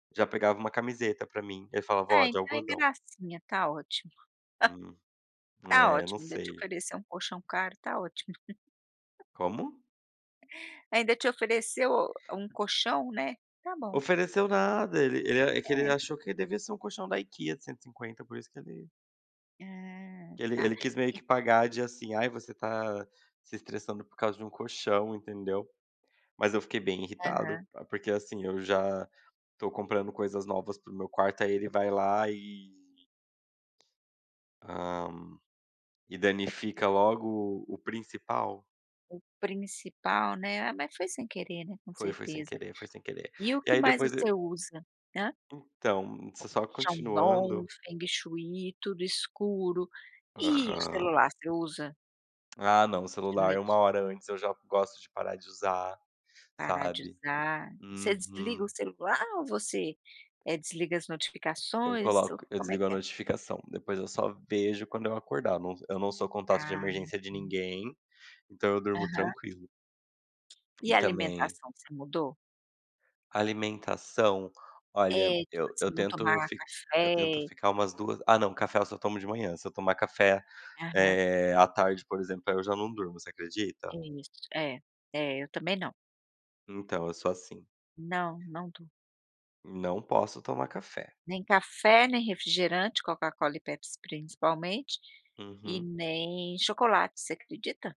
Já pegava uma camiseta para mim, ele falava ó É, de então é algodão. gracinha, está ótimo. Hum, Está é não ótimo, ainda te sei. ofereceu um colchão caro, está ótimo. Como? Ainda te ofereceu um colchão, né, está bom. Ofereceu nada, ele ele é que ele É. achou que devia ser um colchão da IKEA de 150 por isso que ele Ah que ele tá. ele quis meio E que pagar de assim: “Ai, você está se estressando por causa de um colchão”, entendeu. Mas eu fiquei bem irritado, Aham. porque assim eu já estou comprando coisas novas para o meu quarto aí ele vai lá e Hum, e danifica logo o o principal. O principal, né, ah mas foi sem querer né com Foi, foi sem certeza. querer foi sem querer. E o E que aí mais depois você e usa hã? Então, s só Chandon, continuando Feng Shui, tudo escuro, e o Aham. celular você usa? Ah não o De celular é uma noite. hora antes eu já gosto de parar de usar, Parar de sabe. usar, você desliga Uhum. o celular ou você, eh, desliga as Eu notificações ou coloco eu como é desligo a que é? notificação, depois eu só vejo quando eu acordar, eu não eu não sou contato de Ah, emergência de entendi. ninguém, então eu durmo Aham. tranquilo. E E a também alimentação você mudou? Alimentação, olha, É, de eu eu você não tento tomar fi eu tento café. ficar umas 2 Ah não, café eu só tomo de manhã, se eu tomar café, Aham. eh, à tarde, por exemplo, aí eu já não durmo, você acredita? É isso. É, é eu também não. Então eu sou assim. Não, não estou. Não posso tomar café. Nem café, nem refrigerante, Coca-Cola e Pepsi principalmente, e Uhum. nem chocolate, você acredita?